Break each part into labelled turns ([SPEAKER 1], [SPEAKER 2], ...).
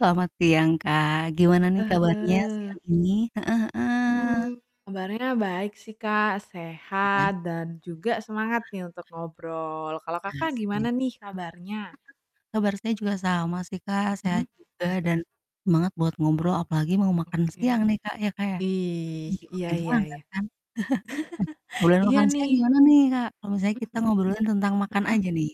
[SPEAKER 1] Selamat siang, Kak, gimana nih
[SPEAKER 2] Heeh
[SPEAKER 1] kabarnya
[SPEAKER 2] heeh.
[SPEAKER 1] siang ini? Heeh heeh.
[SPEAKER 2] Mhm, kabarnya baik sih, Kak, sehat
[SPEAKER 1] Iya.
[SPEAKER 2] dan juga semangat nih untuk ngobrol. Kalau Kakak
[SPEAKER 1] Pasti.
[SPEAKER 2] gimana nih kabarnya?
[SPEAKER 1] Heeh. Kabar saya juga sama sih, Kak, sehat
[SPEAKER 2] Mhm,
[SPEAKER 1] juga
[SPEAKER 2] mhm.
[SPEAKER 1] dan semangat buat ngobrol apalagi mau makan siang
[SPEAKER 2] Oke,
[SPEAKER 1] nih, Kak, ya, Kak, ya, jadi
[SPEAKER 2] ih,
[SPEAKER 1] jadi
[SPEAKER 2] iya
[SPEAKER 1] makin
[SPEAKER 2] iya
[SPEAKER 1] semangat
[SPEAKER 2] iya.
[SPEAKER 1] kan? Ngobrolin
[SPEAKER 2] Iya
[SPEAKER 1] makan siang
[SPEAKER 2] nih.
[SPEAKER 1] gimana nih, Kak, kalau misalnya
[SPEAKER 2] Mhm
[SPEAKER 1] kita
[SPEAKER 2] mhm.
[SPEAKER 1] ngobrolin tentang makan
[SPEAKER 2] Heeh?
[SPEAKER 1] aja nih?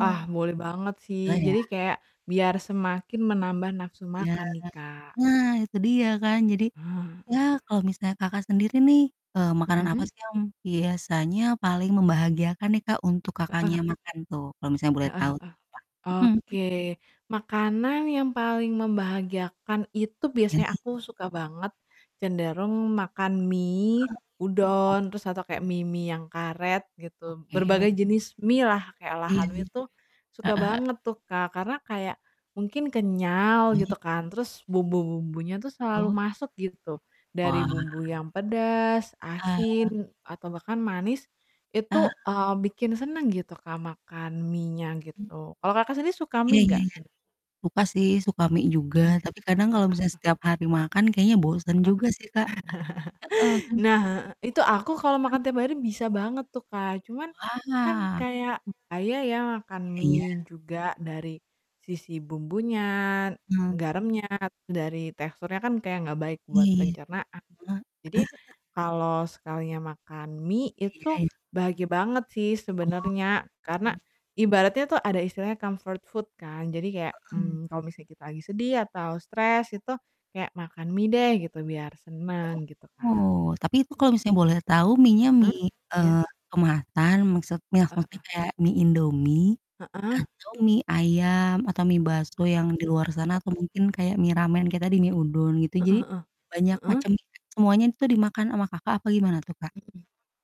[SPEAKER 2] Ah, boleh banget sih,
[SPEAKER 1] Heeh. Oh ya.
[SPEAKER 2] jadi kayak biar semakin menambah nafsu
[SPEAKER 1] Iya.
[SPEAKER 2] makan nih, Kak.
[SPEAKER 1] Nah itu dia kan jadi
[SPEAKER 2] Ha
[SPEAKER 1] ya
[SPEAKER 2] heeh.
[SPEAKER 1] kalau misalnya, Kakak, sendiri nih, eee, makanan apa
[SPEAKER 2] Mhm.
[SPEAKER 1] sih yang biasanya paling membahagiakan nih, Kak, untuk Kakaknya
[SPEAKER 2] Heeh.
[SPEAKER 1] makan tuh kalau misalnya boleh tahu
[SPEAKER 2] Heeh heeh,
[SPEAKER 1] tuh, Kak? Mhm.
[SPEAKER 2] oke, makanan yang paling membahagiakan itu
[SPEAKER 1] Iya
[SPEAKER 2] biasanya
[SPEAKER 1] lagi.
[SPEAKER 2] aku suka banget cenderung makan mie,
[SPEAKER 1] Heeh. [unintelligible]
[SPEAKER 2] udon terus atau kayak mie-mie yang karet gitu, berbagai
[SPEAKER 1] Oke.
[SPEAKER 2] jenis mie lah, kayak
[SPEAKER 1] Ih,
[SPEAKER 2] olahan
[SPEAKER 1] heeh
[SPEAKER 2] mie itu suka
[SPEAKER 1] heeh.
[SPEAKER 2] banget tuh, Kak, karena kayak mungkin kenyal
[SPEAKER 1] Hmm.
[SPEAKER 2] gitu kan, terus bumbu-bumbunya tuh selalu
[SPEAKER 1] Oh.
[SPEAKER 2] masuk gitu, dari
[SPEAKER 1] Wah.
[SPEAKER 2] bumbu yang pedas,
[SPEAKER 1] Ah.
[SPEAKER 2] asin atau bahkan manis itu,
[SPEAKER 1] Ah.
[SPEAKER 2] eee, bikin seneng gitu, Kak, makan mienya
[SPEAKER 1] Hmm.
[SPEAKER 2] gitu. Kalau Kakak sendiri suka
[SPEAKER 1] Iya
[SPEAKER 2] mie
[SPEAKER 1] iya
[SPEAKER 2] nggak
[SPEAKER 1] iya,
[SPEAKER 2] sebener
[SPEAKER 1] suka sih, suka mie juga,
[SPEAKER 2] Mmm,
[SPEAKER 1] tapi kadang
[SPEAKER 2] heeh
[SPEAKER 1] kalau misalnya
[SPEAKER 2] heeh.
[SPEAKER 1] setiap hari makan kayaknya
[SPEAKER 2] Heeh,
[SPEAKER 1] bosen juga sih, Kak, heeh, kan
[SPEAKER 2] nah Itu aku
[SPEAKER 1] Sekarang
[SPEAKER 2] kalau
[SPEAKER 1] kan
[SPEAKER 2] makan tiap hari bisa banget tuh, Kak, cuman kan
[SPEAKER 1] Wah.
[SPEAKER 2] kayak bahaya ya makan
[SPEAKER 1] Ya iya.
[SPEAKER 2] mie juga dari sisi bumbunya,
[SPEAKER 1] Eee
[SPEAKER 2] garamnya, dari teksturnya kan kayak nggak baik
[SPEAKER 1] Iya
[SPEAKER 2] buat
[SPEAKER 1] iya, heeh.
[SPEAKER 2] pencernaan, jadi kalau sekalinya makan mie
[SPEAKER 1] Iya
[SPEAKER 2] itu
[SPEAKER 1] iya.
[SPEAKER 2] bahagia banget sih
[SPEAKER 1] Oh
[SPEAKER 2] sebenarnya, karena
[SPEAKER 1] oh.
[SPEAKER 2] ibaratnya tuh ada istilahnya comfort food kan, jadi kayak,
[SPEAKER 1] Mhm.
[SPEAKER 2] mmm, kalau misalnya kita lagi sedih atau stres itu kayak makan mie deh gitu biar seneng gitu, Kak.
[SPEAKER 1] Oh, tapi itu kalau misalnya boleh tahu mienya
[SPEAKER 2] Heeh,
[SPEAKER 1] mie,
[SPEAKER 2] iya?
[SPEAKER 1] eee, kemasan, maksudnya
[SPEAKER 2] Heeh
[SPEAKER 1] seperti
[SPEAKER 2] heeh.
[SPEAKER 1] kayak mie Indomie
[SPEAKER 2] Heeh.
[SPEAKER 1] atau mie ayam atau mie bakso
[SPEAKER 2] Heeh,
[SPEAKER 1] yang di luar sana atau
[SPEAKER 2] heeh.
[SPEAKER 1] mungkin kayak mie ramen kayak tadi, mie udon gitu
[SPEAKER 2] Heeh
[SPEAKER 1] jadi
[SPEAKER 2] heeh,
[SPEAKER 1] banyak
[SPEAKER 2] heeh?
[SPEAKER 1] macam juga semuanya itu dimakan ama Kakak apa gimana tuh, Kak?
[SPEAKER 2] Mhm,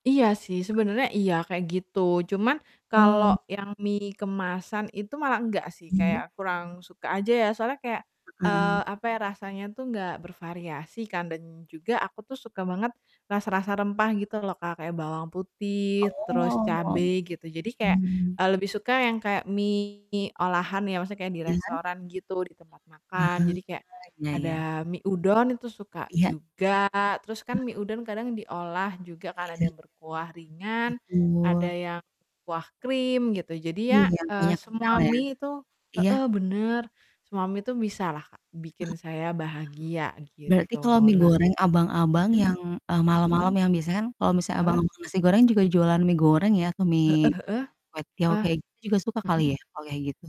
[SPEAKER 2] iya sih, sebenarnya iya kayak gitu, cuman
[SPEAKER 1] Mmm.
[SPEAKER 2] kalau yang mie kemasan itu malah enggak sih,
[SPEAKER 1] Iya.
[SPEAKER 2] kayak kurang suka aja ya soalnya kayak
[SPEAKER 1] Heeh.
[SPEAKER 2] eee, apa ya, rasanya tuh nggak bervariasi kan dan juga aku tuh suka banget rasa-rasa rempah gitu loh, Kak, kayak bawang putih, terus
[SPEAKER 1] Oh,
[SPEAKER 2] cabe gitu, jadi kayak,
[SPEAKER 1] mhm.
[SPEAKER 2] eee, lebih suka yang kayak mie olahan ya, maksudnya kayak di
[SPEAKER 1] Iya.
[SPEAKER 2] restoran gitu, di tempat
[SPEAKER 1] Ah
[SPEAKER 2] makan, jadi kayak
[SPEAKER 1] hah [unintelligible] ya, iya.
[SPEAKER 2] ada mie udon itu suka
[SPEAKER 1] Iya. Iya.
[SPEAKER 2] juga, terus kan mie udon kadang diolah juga ka,n
[SPEAKER 1] Iya.
[SPEAKER 2] ada yang berkuah ringan, ada
[SPEAKER 1] Betul.
[SPEAKER 2] yang kuah krim, gitu, jadi
[SPEAKER 1] Iya,
[SPEAKER 2] ya,
[SPEAKER 1] yang
[SPEAKER 2] eee,
[SPEAKER 1] kuahnya kental
[SPEAKER 2] semua
[SPEAKER 1] ya?
[SPEAKER 2] mie itu
[SPEAKER 1] Iya?
[SPEAKER 2] heeh, bener, semua mie itu bisalah
[SPEAKER 1] Heeh,
[SPEAKER 2] bikin saya bahagia
[SPEAKER 1] wah, berarti
[SPEAKER 2] gitu.
[SPEAKER 1] kalau mie
[SPEAKER 2] Nah
[SPEAKER 1] goreng abang-abang
[SPEAKER 2] mhm,
[SPEAKER 1] yang, eee,
[SPEAKER 2] mhm?
[SPEAKER 1] malam-malam yang biasanya kan kalau misalnya abang
[SPEAKER 2] Heeh.
[SPEAKER 1] tukang nasi goreng juga jualan mie goreng ya kayak
[SPEAKER 2] Heeh
[SPEAKER 1] mie, eee,
[SPEAKER 2] heeh,
[SPEAKER 1] kwetiau
[SPEAKER 2] heeh,
[SPEAKER 1] kayak gitu juga suka kali
[SPEAKER 2] mhm.
[SPEAKER 1] ya, kalau kayak gitu?